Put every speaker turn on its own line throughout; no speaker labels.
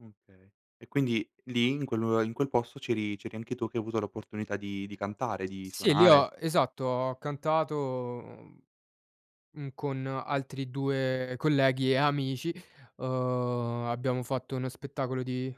Mhmm okay. E quindi lì, in quel lue in quel posto, c'eri c'eri anche tu, che hai avuto l'opportunità di di cantare, di
Sì, li
suonare?
ho esatto. Ho cantato, mhmm, mhmm, con altri 2 colleghi e amici. Uhm, abbiamo fatto uno spettacolo di,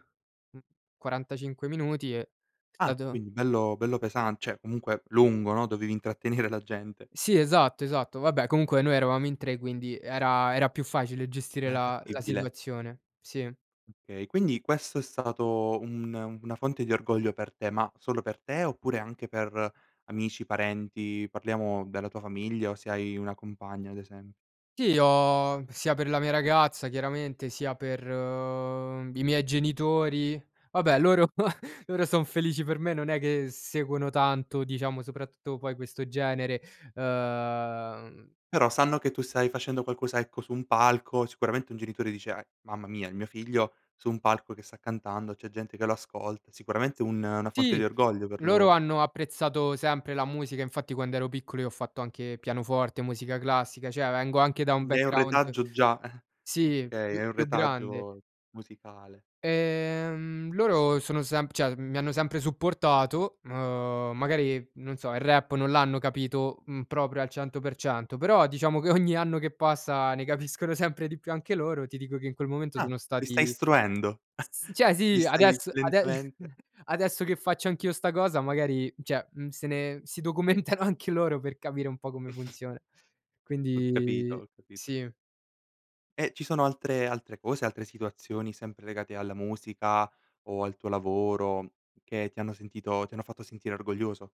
mhmm, 45 minuti e
Ah,
stato
quindi bello bello pesan cioè, comunque lungo, no, dovevi intrattenere la gente.
Sì, esatto, esatto. Vabbè, comunque noi eravamo in 3, quindi, era era più facile gestire
Era
la la
fattibile?
situazione. Sì.
Okay. Quindi, questo è stato un una fonte di orgoglio per te. Ma solo per te? Oppure anche per amici, parenti parliamo della tua famiglia o se hai una compagna, ad esemp
Sì, ho sia per la mia ragazza chiaramente, sia per, uhm, i miei genitori. Vabbè, loro loro sono felici per me. Non è che seguono tanto, diciamo, soprattutto poi, questo genere. Uhm
Però, sanno che tu stai facendo qualcosa, ecco, su un palco. Sicuramente, un genitore dice: "Eh, mamma mia, è mio figlio, su un palco che sta cantando, c'è gente che lo ascolta." Sicuramente un una fonte
Sì,
di orgoglio per
loro
loro.
hanno apprezzato sempre la musica. Infatti, quando ero piccolo, io ho fatto anche pianoforte, musica classica. Cioè, vengo anche da un
Quindi, hai un
background
retaggio già, eh.
sì,
Okay,
più
hai un
più grande.
retaggio musicale.
Ehm, loro sono semp cioè, mi hanno sempre supportato. Uhm, magari, non so: il rap non l'hanno capito, mhmm, proprio al 100%. Però, diciamo che ogni anno che passa, ne capiscono sempre di più anche loro. Ti dico che in quel momento,
Ah!
sono
Li stai
stati
istruendo.
s s d cioè
Li
sì.
stai
Adesso ade
lentamente
adesso che faccio anch'io 'sta cosa, magari mhmm cioè, mhmm, se ne si documentano anche loro per capire un po' come funziona.
Ho capito,
Quindi
ho capito.
sì.
E ci sono altre altre cose, altre situazioni sempre legate alla musica o al tuo lavoro, che ti hanno sentito ti hanno fatto sentire orgoglioso?